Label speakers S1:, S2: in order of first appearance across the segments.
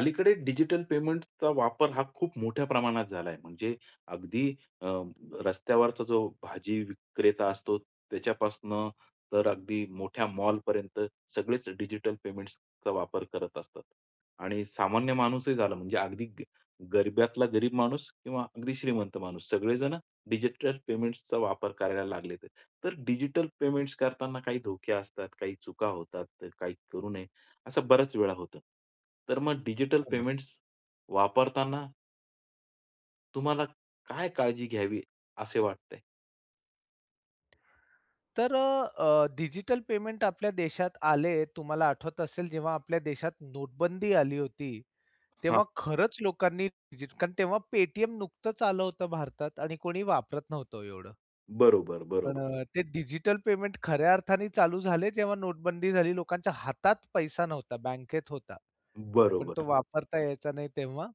S1: अलीकडे डिजिटल पेमेंटचा वापर हा खूप मोठ्या प्रमाणात झालाय. म्हणजे अगदी अ, रस्त्यावरचा जो भाजी विक्रेता असतो त्याच्यापासून तर अगदी मोठ्या मॉलपर्यंत सगळेच डिजिटल पेमेंट्सचा वापर करत असतात. आणि सामान्य माणूसही झाला. म्हणजे अगदी ग गरिबातला गरीब माणूस किंवा अगदी श्रीमंत माणूस. सगळेजण डिजिटल पेमेंट्सचा वापर करायला लागलेत. तर डिजिटल पेमेंट्स करतांना काही धोके असतात, काही चुका होतात. तर काही करू नये, असं बऱ्याच वेळा होतं. तर मग डिजिटल
S2: हो ना.
S1: पेमेंट्स वापरताना तुम्हाला काय काळजी घ्यावी असे वाटते?
S2: तर अ, डिजिटल पेमेंट आपल्या देशात आले, तुम्हाला आठवत असेल जेव्हा आपल्या देशात नोटबंदी आली होती.
S1: हां.
S2: तेव्हा खरंच लोकांनी जितकं तेव्हा Paytm नुकतंच आलं होतं भारतात आणि कोणी वापरत नव्हतं ओ एवढं.
S1: बरोबर,
S2: पण
S1: बरोबर.
S2: अ, ते डिजिटल पेमेंट खऱ्या अर्थाने चालू झाले जेव्हा नोटबंदी झाली. लोकांच्या हातात पैसा नव्हता, बँकेत होता. पण तो
S1: बरोबर.
S2: वापरता यायचा नाही तेव्हा.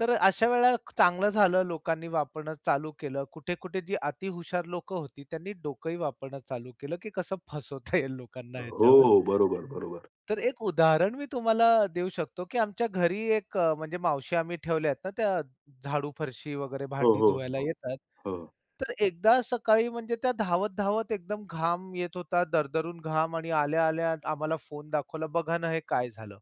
S2: तर अशा वेळेला चांगलं झालं लोकांनी वापरणं चालू केलं. कुठे-कुठे ती अतीहुशार लोकं होती. त्यांनी डोकंही वापरणं चालू केलं, की कसं फसवता येईल लोकांना
S1: हो,
S2: ह्याच्यावर.
S1: हो. बरोबर, बरोबर.
S2: तर एक उदाहरण मी तुम्हाला देऊ शकतो, की आमच्या घरी एक अ, म्हणजे मावशी आम्ही ठेवल्या आहेत ना. त्या झाडू, फरशी वगैरे
S1: हो,
S2: भांडी
S1: हो,
S2: धुवायला
S1: हो,
S2: येतात.
S1: हो.
S2: तर एकदा सकाळी म्हणजे त्या धावत-धावत एकदम घाम येत होता, दरदरून घाम आणि आल्या-आल्या आम्हाला फोन दाखवला. बघा ना, हे काय झालं?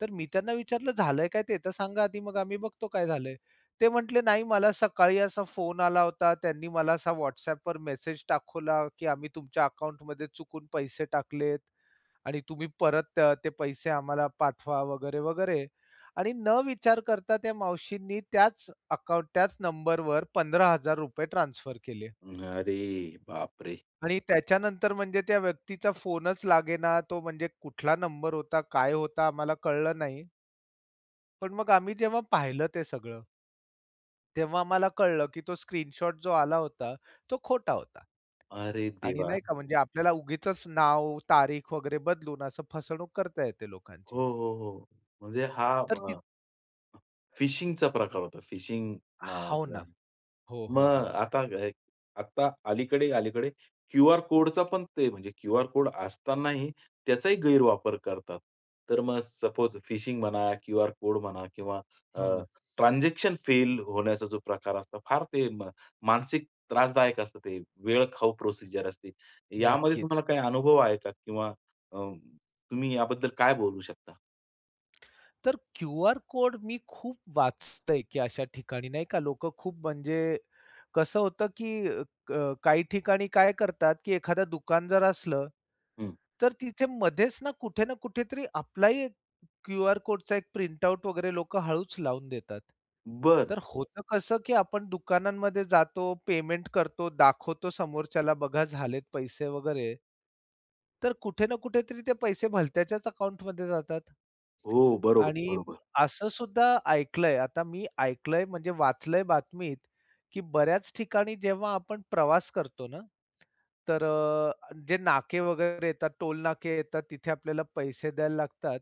S2: तर मी त्यांना विचारलं झालंय काय ते तर सांगा आधी? मग आम्ही बघतो काय झालंय? ते म्हंटले नाही मला सकाळी असा फोन आला होता. त्यांनी मला असा WhatsAppवर मेसेज दाखवला की आम्ही तुमच्या अकाउंटमध्ये चुकून पैसे टाकलेत आणि तुम्ही परत ते पैसे आम्हाला पाठवा वगैरे, वगैरे आणि न विचार करता त्या मावशीनी त्याच अकाउंट, त्याच नंबरवर ₹15,000 ट्रान्सफर केले.
S1: अरे बापरे!
S2: आणि त्याच्यानंतर म्हणजे त्या व्यक्तीचा फोनच लागेना. तो म्हणजे कुठला नंबर होता? काय होता? आम्हाला कळलं नाही. पण मग आम्ही जेव्हा पाहिलं ते सगळं. तेव्हा मला कळलं, की तो स्क्रीनशॉट जो आला होता, तो खोटा होता.
S1: अरे
S2: आणि
S1: देवा!
S2: नाही का म्हणजे आपल्याला उगीचच नाव, तारीख वगैरे बदलून असं फसवणूक करता येते लोकांची.
S1: हो, हो, हो. म्हणजे हा
S2: तर
S1: अ
S2: ती
S1: फिशिंगचा प्रकार होता. फिशिंग
S2: हो
S1: नावाचा.
S2: ना. हो, हो,
S1: मग
S2: हो.
S1: आता आत्ता अलीकडे अलीकडे क्यूआर कोडचा पण ते, म्हणजे क्यूआर कोड असतानाही त्याचाही गैरवापर करतात. तर मग सपोज फिशिंग म्हणा, क्यूआर कोड म्हणा किंवा अ,
S2: हो ना.
S1: ट्रान्झॅक्शन फेल होण्याचा जो प्रकार असतो. फार ते म मानसिक त्रासदायक असतं. ते वेळखाऊ प्रोसिजर असते. यामध्ये
S2: नक्कीच.
S1: तुम्हाला काही अनुभव आहे का किंवा अं, तुम्ही याबद्दल काय बोलू शकता?
S2: तर क्यूआर कोड मी खूप वाचतोय, की अशा ठिकाणी नाही का लोक खूप म्हणजे, कसं होतं की क काही ठिकाणी काय करतात की एखादं दुकान जर असलं,
S1: हं.
S2: तर तिथे मध्येच ना कुठे ना कुठेतरी आपला ही एक क्यू आर कोडचा एक प्रिंटआउट वगैरे लोक हळूच लावून देतात.
S1: बरं.
S2: तर होतं कसं की आपण दुकानांमध्ये जातो. पेमेंट करतो, दाखवतो समोरच्याला बघा झालेत पैसे वगैरे. तर कुठे ना कुठेतरी ते पैसे भलत्याच्याच अकाउंटमध्ये जातात.
S1: हो. बरोबर,
S2: आणि
S1: बरोबर.
S2: असंसुद्धा ऐकल आहे. आता मी ऐकल आहे, म्हणजे वाचलय बातमीत, की बऱ्याच ठिकाणी जेव्हा आपण प्रवास करतो ना, तर अ, जे नाके वगैरे येतात. टोल नाके येतात. तिथे आपल्याला पैसे द्यायला लागतात.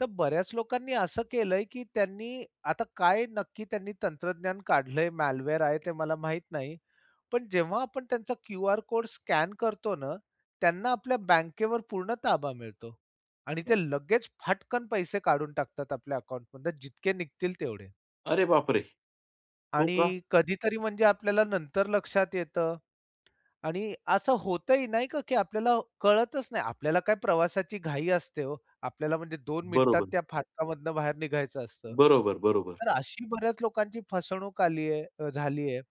S2: तर बऱ्याच लोकांनी असं केलंय, की त्यांनी आता काय नक्की त्यांनी तंत्रज्ञान काढल आहे. म्यालवेअर आहे ते मला माहित नाही. पण जेव्हा आपण त्यांचा क्यूआर कोड स्कॅन करतो ना, त्यांना आपल्या बँकेवर पूर्ण ताबा मिळतो आणि ते लगेच फटकन पैसे काढून टाकतात आपल्या अकाउंटमधुन. जितके निघतील तेवढे.
S1: अरे बापरे! हो
S2: आणि
S1: का?
S2: कधीतरी म्हणजे आपल्याला नंतर लक्षात येतं. आणि असं होत ही नाही का, की आपल्याला कळतच नाही. आपल्याला काय प्रवासाची घाई असते हो. आपल्याला म्हणजे 2 मिनिटात
S1: बरोबर.
S2: त्या फाटकामधून बाहेर निघायचं असतं.
S1: बरोबर, बरोबर.
S2: तर अशी बऱ्याच लोकांची फसवणूक आली आहे. अ, झाली आहे.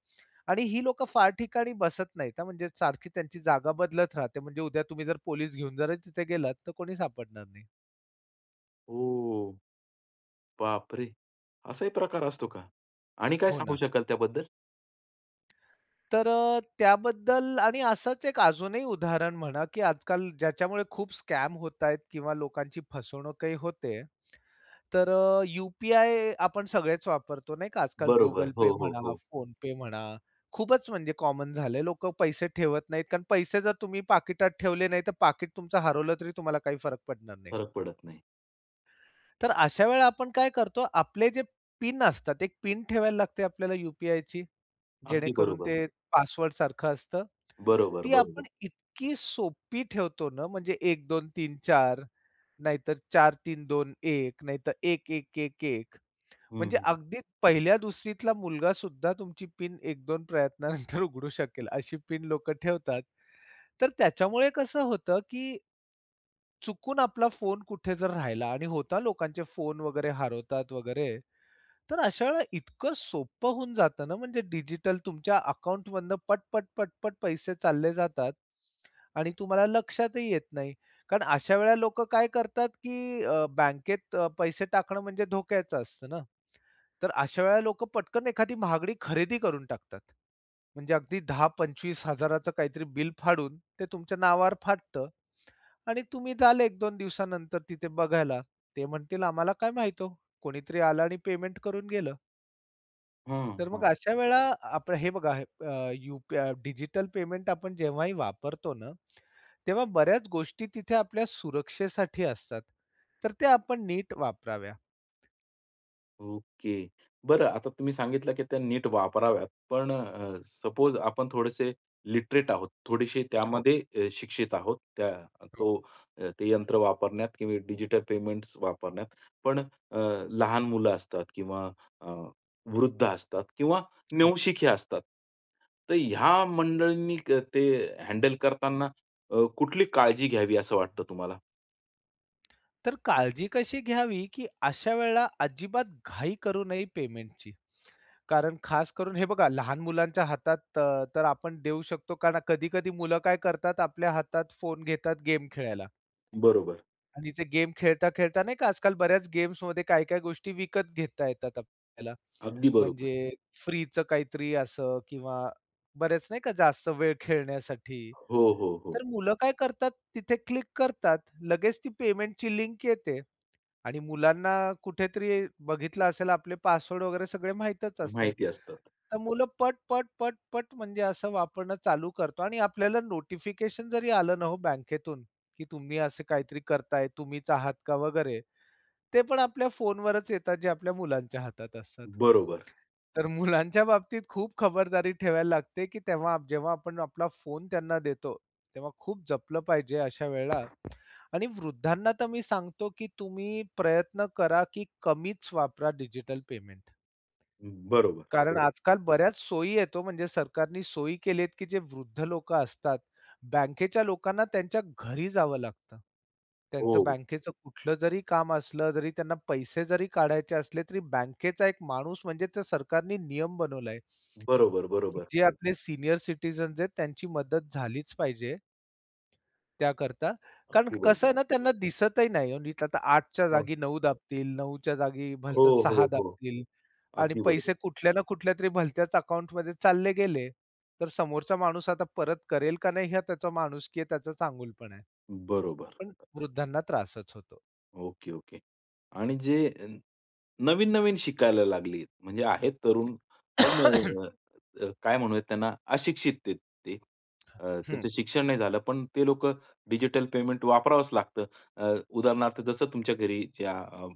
S2: आणि ही लोकं फार ठिकाणी बसत नाहीत. हां, म्हणजे सारखी त्यांची जागा बदलत राहते. म्हणजे उद्या तुम्ही जर पोलीस घेऊन जर तिथे गेलात. तर कोणी सापडणार नाही.
S1: ओ, बापरे! असाही प्रकार असतो का? आणि काय
S2: हो
S1: सांगू
S2: ना.
S1: शकाल त्याबद्दल?
S2: तर अ, त्याबद्दल आणि असच एक अजूनही उदाहरण म्हणा की आजकाल ज्याच्यामुळे खूप स्कॅम होत आहे किंवा लोकांची फसवणूकही होते. तर अ, यू-पी-आय आपण सगळेच वापरतो, नाही का. आजकाल
S1: बरोबर.
S2: Google
S1: हो,
S2: Pay
S1: हो,
S2: म्हणा,
S1: हो.
S2: PhonePe म्हणा. खूपच म्हणजे कॉमन झालं आहे लोकं पैसे ठेवत नाहीत कारण पैसे जर तुम्ही पाकिटात ठेवले नाही. तर पाकीट तुमचं हरवलं तरी तुम्हाला काही फरक पडणार नाही.
S1: फरक पडत नाही.
S2: तर अशा वेळेला आपण काय करतो. आपले जे पिन असतात. एक पिन ठेवायला लागते आपल्याला यू-पी-आयची.
S1: अगदी
S2: जेणेकरून
S1: बरोबर.
S2: ते पासवर्डसारखं असतं.
S1: बरोबर,
S2: ती आपण
S1: बरोबर.
S2: इतकी सोपी ठेवतो ना, म्हणजे 1, 2, 3, 4 नाहीतर, 4, 3, 2, 1 नाहीतर, 1, 1, 1, 1,
S1: हं,
S2: म्हणजे
S1: हं.
S2: अगदी पहिल्या दुसरीतला मुलगासुद्धा तुमची पिन 1, 2 प्रयत्नानंतर उघडू शकेल. अशी पिन लोक ठेवतात. तर त्याच्यामुळे कसं होतं की चुकून आपला फोन कुठे जर राहिला आणि होता लोकांचे फोन वगैरे हरवतात वगैरे. तर अशा वेळेला इतकं सोपं होऊन जातं ना. म्हणजे डिजिटल तुमच्या अकाउंटमधनं पट, पट, पट, पट पैसे चालले जातात आणि तुम्हाला लक्षातही येत नाही. कारण अशा वेळेला लोकं काय करतात, की अ, बँकेत अ, पैसे टाकणं म्हणजे धोक्याचं असतं ना. तर अशा वेळेला लोकं पटकन एखादी महागडी खरेदी करून टाकतात. म्हणजे अगदी 10-25000 च काहीतरी बिल फाडून, ते तुमच्या नावावर फाटतं. आणि तुम्ही जाल 1-2 दिवसानंतर तिथे बघायला. ते म्हणतील आम्हाला काय माहित हो? कोणीतरी आलं आणि पेमेंट करून गेलं.
S1: हं,
S2: तर मग
S1: हं.
S2: अशा वेळा आपल हे बघा. अ, यूपआ डिजिटल पेमेंट आपण जेव्हाही वापरतो ना. तेव्हा बऱ्याच गोष्टी तिथे आपल्या सुरक्षेसाठी असतात. तर ते आपण नीट वापराव्या.
S1: ओके. बरं आता तुम्ही सांगितलं, की त्या नीट वापराव्यात. पण अ, सपोज आपण थोडेसे लिटरेट आहोत, थोडेसे
S2: हो.
S1: त्यामध्ये अ, शिक्षित आहोत. त्या
S2: हो.
S1: तो अ, ते यंत्र वापरण्यात किंवा डिजिटल पेमेंट्स वापरण्यात. पण अ, लहान मुलं असतात किंवा अ, वृद्ध असतात किंवा
S2: हो.
S1: नवशिके असतात. तर ह्या मंडळींनी क ते हँडल करतांना. अ, कुठली काळजी घ्यावी असं वाटतं तुम्हाला?
S2: तर काळजी कशी घ्यावी, की अशा वेळेला अजिबात घाई करू नये पेमेंटची. कारण खास करून हे बघा लहान मुलांच्या हातात तर, तर आपण देऊ शकतो कारण कधी-कधी मुलं काय करतात, आपल्या हातात फोन घेतात गेम खेळायला.
S1: बरोबर.
S2: आणि ते गेम खेळता-खेळता नाही का, आजकाल बऱ्याच गेम्समध्ये काय-काय गोष्टी विकत घेता येतात आपल्याला.
S1: अगदी बरोबर.
S2: म्हणजे फ्रीचं काहीतरी असं किंवा बरेच नाही का जास्त वेळ खेळण्यासाठी,
S1: हो, हो, हो.
S2: तर मुलं काय करतात तिथे क्लिक करतात. लगेच ती पेमेंटची लिंक येते आणि मुलांना कुठेतरी बघितलं असेल, आपले पासवर्ड वगैरे सगळे माहीतच असतात.
S1: माहिती असतात.
S2: तर मुलं पट, पट, पट, पट म्हणजे असं वापरणं चालू करतो. आणि आपल्याला नोटिफिकेशन जरी आलं ना हो बँकेतून, की तुम्ही असं काहीतरी करताय. तुम्हीच आहात का वगैरे? ते पण आपल्या फोनवरच येतात. जे आपल्या मुलांच्या हातात असतात.
S1: बरोबर.
S2: तर मुलांच्या बाबतीत खूप खबरदारी ठेवायला लागते, की तेव्हा, जेव्हा आपण आपला फोन त्यांना देतो. तेव्हा खूप जपलं पाहिजे अशा वेळा. आणि वृद्धांना तर मी सांगतो, की तुम्ही प्रयत्न करा, की कमीच वापरा डिजिटल पेमेंट.
S1: बरोबर.
S2: कारण
S1: बरोब
S2: आजकाल बऱ्याच सोयी येतो, म्हणजे सरकारने सोयी केलीत, की जे वृद्ध लोकं असतात. बँकेच्या लोकांना त्यांच्या घरी जावं लागतं. त्यांचं
S1: हो, हो.
S2: बँकेचं कुठलं जरी काम असलं. जरी त्यांना पैसे जरी काढायचे असले, तरी बँकेचा एक माणूस म्हणजे सरकारने नियम बनवलाय.
S1: बरोबर,
S2: की
S1: बरोबर.
S2: जे आपले सीनियर सिटिझन्स आहेत. त्यांची मदत झालीच पाहिजे. त्याकरता. कारण
S1: अगदी
S2: कसं
S1: बरोबर.
S2: आहे ना, त्यांना दिसतही नाही नीट. आता 8च्या
S1: हो.
S2: जागी 9 दाबतील, 9च्या जागी
S1: हो,
S2: भलतच 6
S1: हो, हो.
S2: दाबतील आणि
S1: अगदी बरोबर.
S2: पैसे कुठल्या ना कुठल्यातरी भलत्याच अकाउंटमध्ये चालले गेले. तर समोरचा माणूस आता परत करेल का नाही. हे त्याचा माणुसकी आहे, त्याचा चांगुलपणा आहे.
S1: बरोबर.
S2: पण वृद्धांना त्रासच होतो.
S1: Okay, okay. आणि जे नवीन-नवीन शिकायला लागले. म्हणजे आहेत तरुण. पण काय म्हणूयात त्यांना अशिक्षित आहेत ते. अ,
S2: हं.
S1: त्यांचं शिक्षण नाही झालं. पण ते लोकं डिजिटल पेमेंट वापरावंच लागतं. अ, उदाहरणार्थ जसं तुमच्या घरी ज्या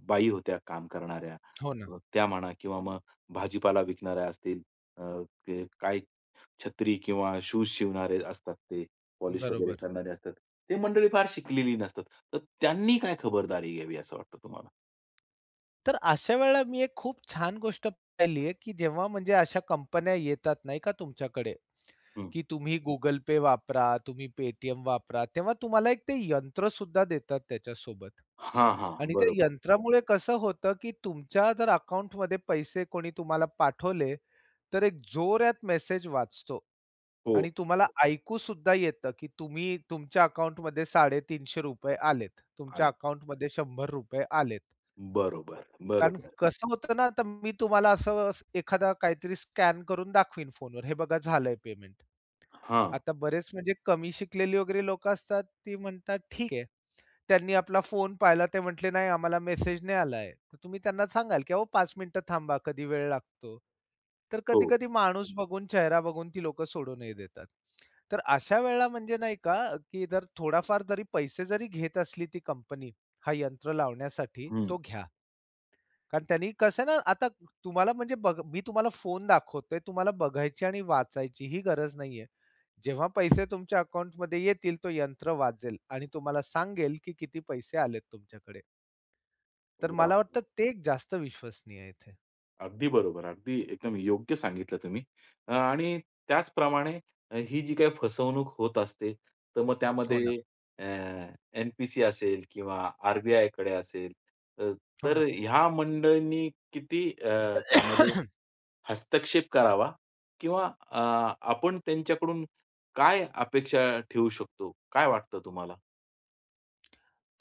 S1: बाई होत्या काम करणाऱ्या,
S2: हो ना.
S1: अ, त्या म्हणा किंवा मग भाजीपाला विकणाऱ्या असतील, अ, ते काही छत्री किंवा शूज शिवणारे असतात ते, पॉलिश वगैरे
S2: बरोबर.
S1: करणारे असतात. ते मंडळी फार शिकलेली नसतात. तर त्यांनी काय खबरदारी घ्यावी असं वाटतं तुम्हाला?
S2: तर अशा वेळेला मी एक खूप छान गोष्ट पाहिली आहे, की जेव्हा म्हणजे अशा कंपन्या येतात नाही का तुमच्याकडे,
S1: हं.
S2: की तुम्ही Google Pay वापरा, तुम्ही Paytm वापरा. तेव्हा तुम्हाला एक ते यंत्रसुद्धा देतात त्याच्यासोबत
S1: हां, हां.
S2: आणि त्या
S1: बरोबर.
S2: यंत्रामुळे कसं होतं, की तुमच्या जर अकाउंटमध्ये पैसे कोणी तुम्हाला पाठवले. तर एक जोरात मेसेज वाचतो
S1: हो.
S2: आणि तुम्हाला ऐकूसुद्धा येतं, की तुम्ही, तुमच्या अकाउंटमध्ये ₹350 आलेत, तुमच्या
S1: आलेत.
S2: अकाउंटमध्ये ₹100 आलेत.
S1: बरोबर,
S2: कारण
S1: बरोबर.
S2: कसं होतं ना, तर मी तुम्हाला असं एखादा काहीतरी स्कॅन करून दाखवीन फोनवर "हे बघा झालंय पेमेंट."
S1: हां.
S2: आता बरेच म्हणजे कमी शिकलेली वगैरे लोकं असतात ती म्हणतात "ठीक आहे." त्यांनी आपला फोन पाहिला ते म्हटले "नाही, आम्हाला मेसेज नाही आला आहे." तुम्ही त्यांना सांगाल की "अहो 5 मिनिट थांबा. कधी वेळ लागतो." तर
S1: हो.
S2: कधी-कधी माणूस बघून चेहरा बघून ती लोकं सोडूनही देतात. तर अशा वेळेला म्हणजे नाही का, की जर थोडाफार जरी पैसे जरी घेत असली ती कंपनी हा यंत्र लावण्यासाठी
S1: हं.
S2: तो घ्या. कारण त्यांनी कसं ना, आता तुम्हाला म्हणजे ब मी तुम्हाला फोन दाखवतोय. तुम्हाला बघायची आणि वाचायची ही गरज नाहीये. जेव्हा पैसे तुमच्या अकाउंटमध्ये येतील तो यंत्र वाजेल आणि तुम्हाला सांगेल की किती पैसे आलेत तुमच्याकडे. तर
S1: वाह!
S2: मला वाटतं
S1: वाह!
S2: ते जास्त विश्वसनीय आहे इथे.
S1: अगदी बरोबर. अगदी, एकदम योग्य सांगितलं तुम्ही आणि त्याचप्रमाणे ही जी काही फसवणूक होत असते, तर मग
S2: हो ना.
S1: त्यामध्ये अ, एन-पी-सी असेल किंवा आर-बी-आयकडे असेल तर
S2: हो
S1: तर
S2: ना.
S1: ह्या मंडळींनी किती अ, त्यामध्ये हस्तक्षेप करावा किंवा अ, आपण त्यांच्याकडून काय अपेक्षा ठेवू शकतो? काय वाटतं तुम्हाला?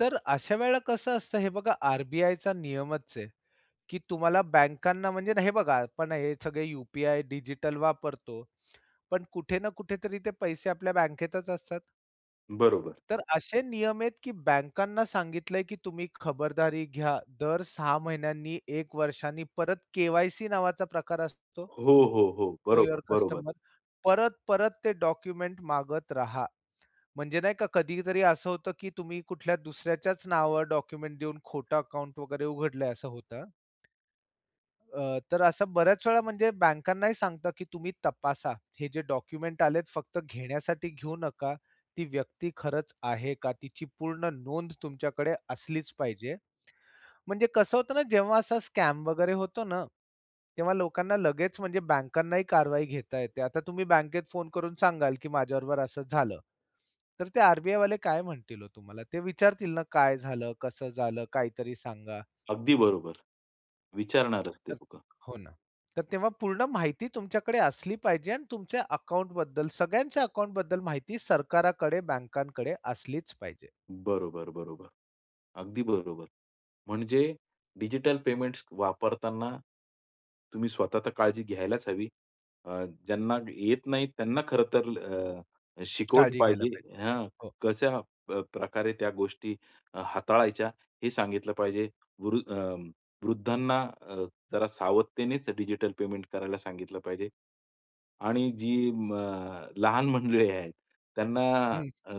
S2: तर अशा वेळेला कसं असतं, हे बघा आर-बी-आयचा नियमच आहे, की तुम्हाला बँकांना म्हणजे ना हे बघा, आपण हे सगळे यू-पी-आय डिजिटल वापरतो. पण कुठे ना कुठे तरी ते पैसे आपल्या बँकेतच असतात.
S1: बरोबर.
S2: तर असे नियम आहेत की बँकांना सांगितलंय की तुम्ही खबरदारी घ्या. दर 6 महिन्यांनी, 1 वर्षांनी परत के-वाय-सी नावाचा प्रकार असतो,
S1: हो, हो, हो.
S2: नो
S1: बरोबर,
S2: युवर
S1: बरोबर.
S2: कस्टमर परत-परत ते डॉक्युमेंट मागत राहा. म्हणजे नाही का कधीतरी असं होतं, की तुम्ही कुठल्या दुसऱ्याच्याच नावावर डॉक्युमेंट देऊन खोटं अकाउंट वगैरे उघडलंय असं होतं. अ, तर असं बऱ्याच वेळा म्हणजे बँकांनाही सांगतात की तुम्ही तपासा, हे जे डॉक्युमेंट आलेत फक्त घेण्यासाठी घेऊ नका, ती व्यक्ती खरंच आहे का? तिची पूर्ण नोंद तुमच्याकडे असलीच पाहिजे. म्हणजे कसं होतं ना, जेव्हा असा स्कॅम वगैरे होतो ना, तेव्हा लोकांना लगेच म्हणजे बँकांनाही कारवाई घेता येते. आता तुम्ही बँकेत फोन करून सांगाल की माझ्याबरोबर असं झालं, तर ते आर-बी-आयवाले काय म्हणतील हो तुम्हाला? ते विचारतील ना काय झालं? कसं झालं? काहीतरी सांगा.
S1: अगदी बरोबर, विचारणारचं ते
S2: तर
S1: लोकं.
S2: हो ना. तर तेव्हा पूर्ण माहिती तुमच्याकडे असली पाहिजे आणि तुमच्या अकाउंटबद्दल, सगळ्यांच्या अकाउंटबद्दल माहिती सरकाराकडे, बँकांकडे असलीच पाहिजे.
S1: बरोबर, बरोबर. अगदी बरोबर, म्हणजे डिजिटल पेमेंट्स वापरताना, तुम्ही स्वतः तर काळजी घ्यायलाच हवी. अ, ज्यांना येत नाही त्यांना खरं तर अ शिकवलं
S2: काळजी घ्यायला पाहिजे.
S1: पाहिजे. हां
S2: हो.
S1: कशा अ प्रकारे त्या गोष्टी हाताळायच्या हे सांगितलं पाहिजे. वृद अं, वृद्धांना अ, जरा सावधतेनेच डिजिटल पेमेंट करायला सांगितलं पाहिजे. आणि जी म लहान मंडळी आहेत त्यांना
S2: हं.
S1: अं अ,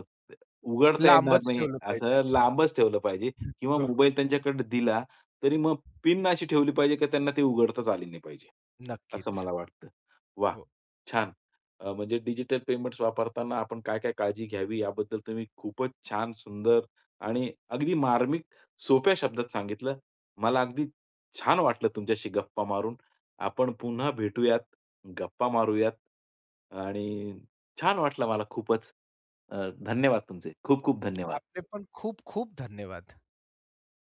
S1: उघडता येणार
S2: लांबच
S1: नाही
S2: ठेवलं पाहिजे.
S1: असं लांबच ठेवलं पाहिजे. किंवा
S2: हो.
S1: मोबाईल त्यांच्याकडे दिला तरी मग पिन अशी ठेवली पाहिजे, की त्यांना ते उघडताच आली नाही पाहिजे, असं
S2: नक्कीच.
S1: मला वाटतं. वाह!
S2: हो.
S1: छान अ, म्हणजे डिजिटल पेमेंट्स वापरताना आपण काय काय काळजी घ्यावी याबद्दल तुम्ही खूपच छान, सुंदर आणि अगदी मार्मिक, सोप्या शब्दात सांगितलं. मला अगदी छान वाटलं तुमच्याशी गप्पा मारून. आपण पुन्हा भेटूयात, गप्पा मारूयात. आणि छान वाटलं मला खूपच. अ, धन्यवाद तुमचे. खूप खूप धन्यवाद.
S2: आपले पण खूप-खूप धन्यवाद.